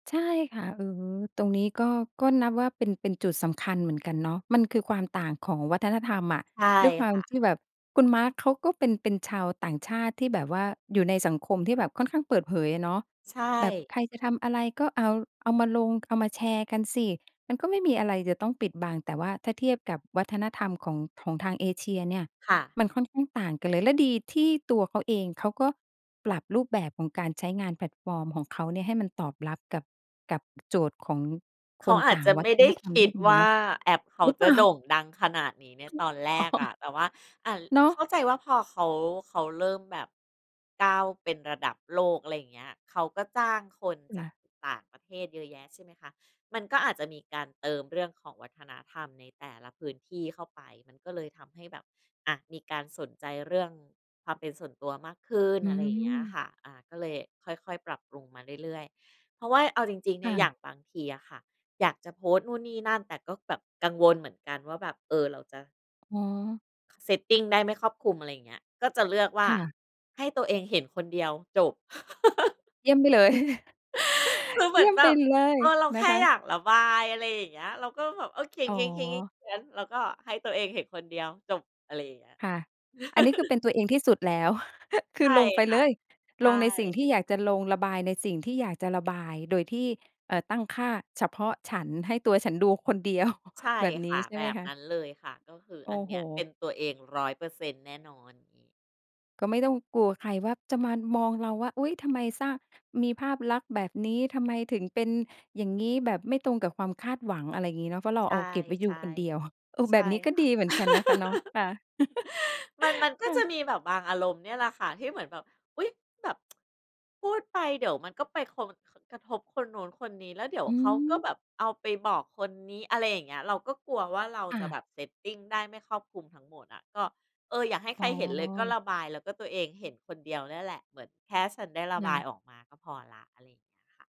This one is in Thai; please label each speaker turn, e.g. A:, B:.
A: ใช่ค่ะ เออ ตรงนี้ก็ ก็นับว่าเป็น เป็นจุดสำคัญเหมือนกันเนาะ มันคือความต่างของวัฒนธรรมอะ
B: ใช่
A: ด้วยควา
B: ค
A: ม
B: ่ะ
A: ที่แบบคุณ Mark เขาก็เป็น เป็นชาวต่างชาติ ที่แบบว่าอยู่ในสังคมที่แบบค่อนข้างเปิดเผยอะเนาะ
B: ใช
A: แบบใ
B: ่
A: ครจะทำอะไรก็เอา เอามาลง เอามาแชร์กันสิ มันก็ไม่มีอะไรจะต้องปิดบัง แต่ว่าถ้าเทียบกับวัฒนธรรมของ ของทางเอเชียเนี่ย
B: ค่ะ
A: มันค่อนข้างต่างกันเลย และดีที่ตัวเขาเอง เขาก็ปรับรูปแบบของการใช้งานแพลตฟอร์มของเขาเนี่ย ให้มันตอบรับกับ กับ โจทย์ของ
B: เข
A: ค
B: า
A: น
B: อา
A: ต
B: จ
A: ่า
B: จ
A: ง
B: ะ
A: วั
B: ไม่
A: ฒ
B: ได
A: น
B: ้
A: ธรรม
B: ค
A: ได
B: ิ
A: ้
B: ด
A: ดี
B: ว่
A: เน
B: า
A: าะ
B: แอปเขา
A: หรือเป
B: จะ
A: ล่า?
B: โด่งดังขนาดนี้ใน
A: อือ
B: ตอนแร
A: อ๋อ
B: กอะ แต่ว่า อ่า ล
A: เนาะ
B: เข้าใจว่าพอเขา เขาเริ่มแบบ ก้าวเป็นระดับโลก อะไรอย่างเงี้ย เขาก็จ้างคน
A: อือ
B: จ
A: ค
B: า
A: ่
B: ก
A: ะ
B: ต่างประเทศเยอะแยะ ใช่ไหมคะ มันก็อาจจะมีการเติมเรื่องของวัฒนธรรมในแต่ละพื้นที่เข้าไป มันก็เลยทำให้แบบ อะ มีการสนใจเรื่อง ความเป็นส่วนตัวมากขึ้น
A: อื
B: อะไรอย่างเงี้ย
A: ม
B: ค่ะ อะ ก็เลยค่อย ๆ ปรับปรุงมาเรื่อย ๆ เพราะว่าเอาจริง ๆ เน
A: ค
B: ี่
A: ่
B: ย อย่า
A: ะ
B: งบางทีอะค่ะ อยากจะโพสต์นู่นนี่นั่น แต่ก็แบบกังวลเหมือนกันว่าแบบ เออ เราจะ
A: อ๋อ
B: setting ได้ไม่ครอบคลุม อะไรอย่างเงี้ย ก็จะเลือกว่
A: ค
B: า
A: ่ะ
B: ให้ตัวเองเห็นคนเดียวจบ
A: เยี่ยมไปเลย
B: คือเห
A: เย
B: มื
A: ี่
B: อน
A: ยม
B: แ
A: ไ
B: บ
A: ป
B: บ
A: เลย
B: เออ เรา
A: น
B: แค
A: ะ
B: ่
A: ค
B: อย
A: ะ
B: ากระบาย อะไรอย่างเงี้ย เราก็แบบ เออ เขี
A: อ๋อ
B: ยน ๆ ๆ ๆ ๆ แล้วก็ให้ตัวเองเห็นคนเดียวจบ อะไรอย่างเงี้ย
A: ค่ะ อันนี้คือเป็นตัวเองที่สุดแล้ว ค
B: ใ
A: ื
B: ช
A: อ
B: ่
A: ลงไป
B: ค่
A: เล
B: ะ
A: ย
B: ใช
A: ลงในสิ่งท
B: ่
A: ี่อยากจะลง ระบายในสิ่งที่อยากจะระบาย โดยที่ เอ่อ ตั้งค่าเฉพาะฉัน "ให้ตัวฉันดูคนเดียว"
B: ใช่
A: แบบน
B: ค
A: ี้
B: ่ะ
A: ใช่
B: แบ
A: ไหม
B: บ
A: ค
B: นั
A: ะ?
B: ้นเลยค่ะ ก็คือ
A: โอ้
B: อันน
A: โฮ
B: ี้เป็นตัวเอง 100% แน่นอน อย่างงี้
A: ก็ไม่ต้องกลัวใครว่า จะมา อ มองเราว่า อุ๊ย! ทำไมสร้าง มีภาพลักษณ์แบบนี้ ทำไมถึงเป็นอย่างงี้ แบบไม่ตรงกับความคาดหวัง อะไรอย่างงี้เนาะ เพราะเรา
B: ใช
A: เอา
B: ่
A: เก็บไว้ย
B: ใ
A: ู
B: ช่
A: คนเดียว เออ
B: ใช
A: แบ
B: ่
A: บนี้ก็
B: ค่
A: ดี
B: ะ
A: เหมือนกันนะคะเนาะ ค่ะ
B: มัน มันก็
A: ค่
B: จะ
A: ะ
B: มีแบบบางอารมณ์เนี่ยแหละค่ะ ที่เหมือนแบบ อุ๊ย! แบบ พูดไปเดี๋ยวมันก็ไปโค ค กระทบคนนู้นคนนี้ แล้วเดี๋ยว
A: อื
B: เขาก็
A: ม
B: แบบเอาไปบอกคนนี้ อะไรอย่างเงี้ย เราก็กลัวว่า เรา
A: ค่
B: จะ
A: ะ
B: แบบ setting ได้ไม่ครอบคลุมทั้งหมดอะ ก็ เออ อย่าให้
A: อ
B: ใค
A: ๋
B: รเห็นเลย ก็
A: อ
B: ระบายแล้วก็ตัวเองเห็นคนเดียวเนี่ยแหละ เหมือน "แค่ฉันได้ระ
A: ค
B: บ
A: ่
B: าย
A: ะ
B: ออกมาก็พอแล้ว" อะไรอย่างเงี้ยค่ะ